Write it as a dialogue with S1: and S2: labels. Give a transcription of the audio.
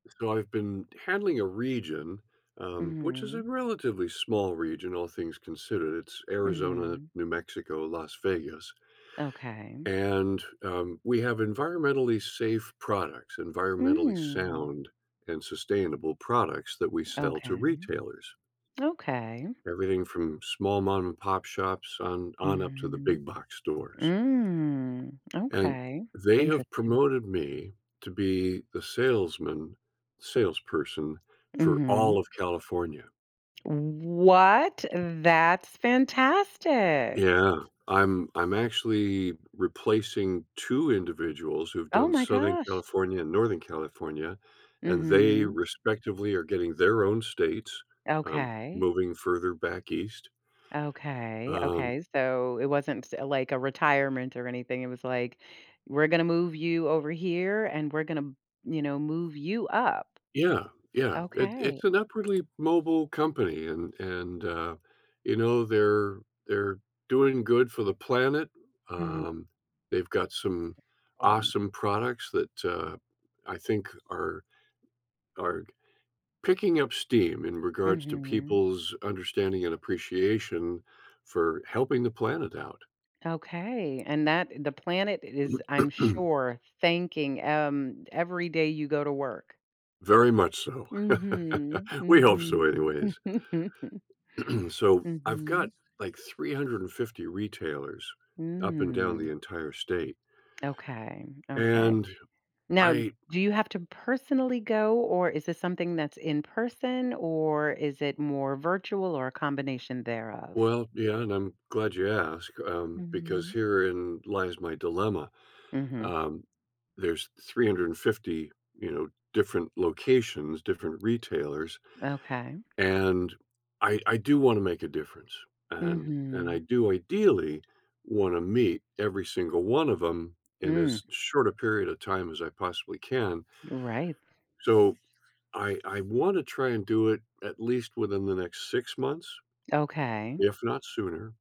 S1: So, I've been handling a region, um, which is a
S2: Mhm.
S1: relatively small region, all things considered, it's Arizona,
S2: Mhm.
S1: New Mexico, Las Vegas.
S2: Okay.
S1: And, um, we have environmentally safe products, environmentally
S2: Mm.
S1: sound and sustainable products that we sell to
S2: Okay.
S1: retailers.
S2: Okay.
S1: Everything from small mom and pop shops on on up to the
S2: Mhm.
S1: big box stores.
S2: Mm,
S1: And
S2: okay,
S1: they have
S2: interesting.
S1: promoted me to be the salesman salesperson for all
S2: Mhm.
S1: of California.
S2: What?! That's fantastic!
S1: Yeah, I'm I'm actually replacing 2 individuals who've
S2: Oh
S1: done
S2: my
S1: Southern
S2: gosh.
S1: California and Northern California, and they
S2: Mhm.
S1: respectively are getting their own states, um,
S2: Okay.
S1: moving further back East.
S2: Okay,
S1: Um
S2: okay, so it wasn't s like, a retirement or anything? It was like, "We're gonna move you over here, and we're gonna," you know, "move you up."
S1: Yeah, yeah, it it's
S2: Okay.
S1: an upwardly mobile company, and and, uh, you know, they're they're doing good for the planet,
S2: Mhm.
S1: um, they've got some
S2: [unintelligible] important.
S1: awesome products that, uh, I think are are g picking up steam in regards to
S2: Mhm.
S1: people's understanding and appreciation for helping the planet out.
S2: Okay, and that the planet is, I'm sure, thanking, um, every day you go to work.
S1: Very much so.
S2: Mhm,
S1: We hope so
S2: mhm.
S1: anyways. So, I've got,
S2: Mhm.
S1: like, 350 retailers up and down the
S2: Mm.
S1: entire state.
S2: Okay, okay.
S1: And
S2: Now,
S1: I
S2: do you have to personally go? Or is this something that's in-person? Or is it more virtual? Or a combination thereof?
S1: Well, yeah, and I'm glad you asked, um, because
S2: Mhm.
S1: herein lies my dilemma,
S2: Mhm.
S1: um, there's 350, you know, different locations, different retailers,
S2: Okay.
S1: and I I do wanna make a difference, and and I
S2: Mhm.
S1: do ideally wanna meet every single one of 'em in
S2: Mm.
S1: as short a period of time as I possibly can.
S2: Right.
S1: So, I I wanna try and do it at least within the next 6 months,
S2: Okay.
S1: if not sooner.